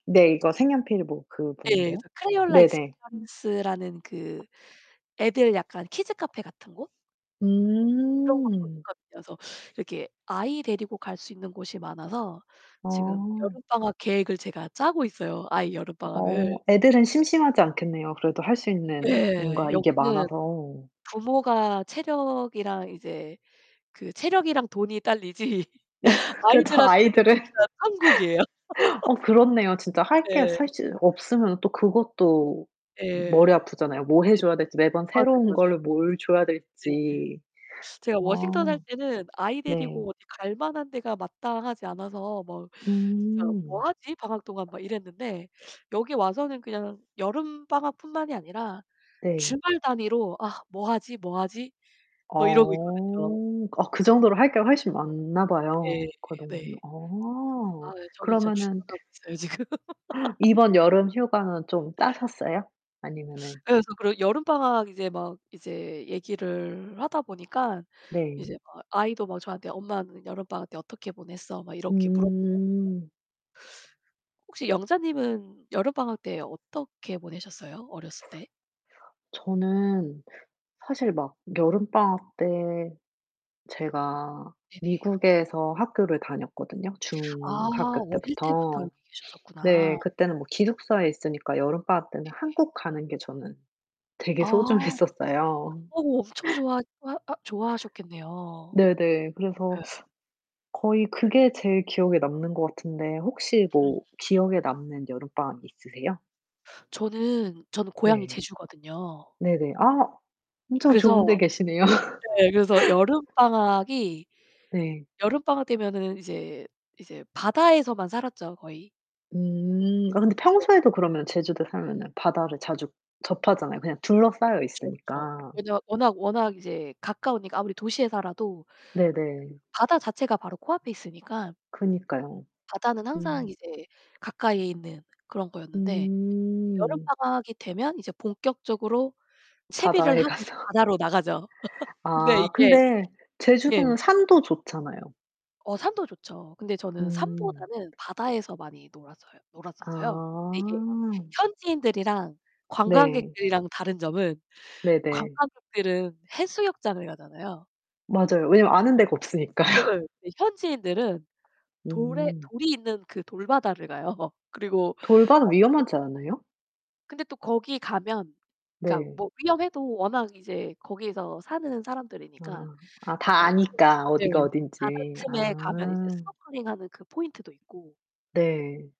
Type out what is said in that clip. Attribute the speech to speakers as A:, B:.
A: 네. 이거 색연필 뭐 그
B: 네.
A: 뭐인데요.
B: 그래서 Crayola
A: 네네.
B: Experience 라는 그 애들 약간 키즈카페 같은 곳? 그런 곳도
A: 음.
B: 있거든요. 그래서 이렇게 아이 데리고 갈 수 있는 곳이 많아서 지금
A: 아.
B: 여름방학 계획을 제가 짜고 있어요. 아이
A: 어.
B: 여름방학을.
A: 애들은 심심하지 않겠네요, 그래도 할 수 있는
B: 예.
A: 뭔가 이게
B: 여기는
A: 많아서.
B: 부모가 체력이랑 이제 그 체력이랑 돈이 딸리지
A: 그쵸.
B: 아이들한테는
A: 아이들은
B: 진짜 천국이에요.
A: 어 그렇네요. 진짜 할 게
B: 예.
A: 사실 없으면 또 그것도
B: 예.
A: 머리 아프잖아요. 뭐
B: 네네.
A: 해줘야 될지 매번
B: 맞아요,
A: 새로운
B: 맞아요.
A: 걸 뭘 줘야
B: 네.
A: 될지.
B: 제가
A: 아
B: 워싱턴 살 때는 아이
A: 네.
B: 데리고 어디 갈만한 데가 마땅하지 않아서 뭐 '진짜 뭐
A: 음.
B: 하지? 방학 동안.' 막 이랬는데 여기 와서는 그냥 여름방학 뿐만이 아니라
A: 네.
B: 주말 단위로 '아 뭐 하지? 뭐 하지?' 뭐 이러고 있거든요.
A: 어. 아 그 정도로 할게 훨씬 많나 봐요.
B: 네.
A: 그 동네.
B: 네.
A: 아.
B: 아, 저는 진짜
A: 그러면은
B: 죽어가고 있어요, 지금.
A: 이번 여름 휴가는 좀 짜셨어요? 아니면은.
B: 예. 그래서 여름방학 이제 막 이제 얘기를 하다 보니까
A: 네.
B: 이제 막 아이도 막 저한테 "엄마는 여름방학 때 어떻게 보냈어?" 막 이렇게 물어보거든요.
A: 음.
B: 혹시 영자님은 여름방학 때 어떻게 보내셨어요? 어렸을 때?
A: 저는 사실 막 여름 방학 때 제가
B: 네네.
A: 미국에서 학교를 다녔거든요,
B: 아.
A: 중학교
B: 어릴 때부터
A: 때부터.
B: 여기 계셨었구나.
A: 네. 그때는 뭐 기숙사에 있으니까 여름 방학 때는
B: 네네.
A: 한국 가는 게 저는 되게
B: 아.
A: 소중했었어요.
B: 어 엄청 좋아 좋아 하 좋아하셨겠네요.
A: 네네. 그래서
B: 예.
A: 거의 그게 제일 기억에 남는 거 같은데 혹시
B: 음.
A: 뭐 기억에 남는 여름방학이 있으세요?
B: 저는 저는 고향이
A: 네.
B: 제주거든요.
A: 네네. 아 엄청 좋은데
B: 그래서
A: 계시네요.
B: 네 그래서 여름방학이
A: 네.
B: 여름방학 되면은 이제 이제 바다에서만 살았죠, 거의.
A: 음. 아 근데
B: [unintelligible]
A: 평소에도 그러면 제주도에 살면은 바다를 자주 접하잖아요, 그냥 둘러싸여
B: 그쵸,
A: 있으니까.
B: 그쵸. 왜냐면 워낙 워낙 이제 가까우니까 아무리 도시에 살아도 그
A: 네네.
B: 바다 자체가 바로 코 앞에 있으니까.
A: 그니까요.
B: 바다는 항상
A: 음.
B: 이제 가까이에 있는 그런 거였는데 여름
A: 음.
B: 방학이 되면 이제 본격적으로 채비를
A: 바다에
B: 하고 이제
A: 가서.
B: 바다로 나가죠. 근데
A: 아
B: 이게
A: 근데
B: 예.
A: 제주도는 산도 좋잖아요.
B: 어 산도 좋죠. 근데 저는
A: 음.
B: 산보다는 바다에서 많이 놀았어요 놀았었어요. 이게
A: 아.
B: 현지인들이랑
A: 네.
B: 관광객들이랑 다른 점은
A: 네네.
B: 관광객들은 해수욕장을 가잖아요.
A: 맞아요. 왜냐면 아는 데가
B: 예예.
A: 없으니까요.
B: 근데 현지인들은 돌에
A: 음.
B: 돌이 있는 그 돌 바다를 가요. 그리고
A: 돌바다
B: 어 소
A: 위험하지 않아요?
B: 근데 또 거기 가면 그니까
A: 네.
B: 뭐 위험해도 워낙 이제 거기서 사는 사람들이니까
A: 아. 아
B: 그
A: 다
B: 막 [unintelligible]
A: 아니까 어디가
B: 네
A: 어딘지.
B: 바다쯤에 가면 이제
A: 아.
B: 스노클링 하는 그 포인트도 있고
A: 네.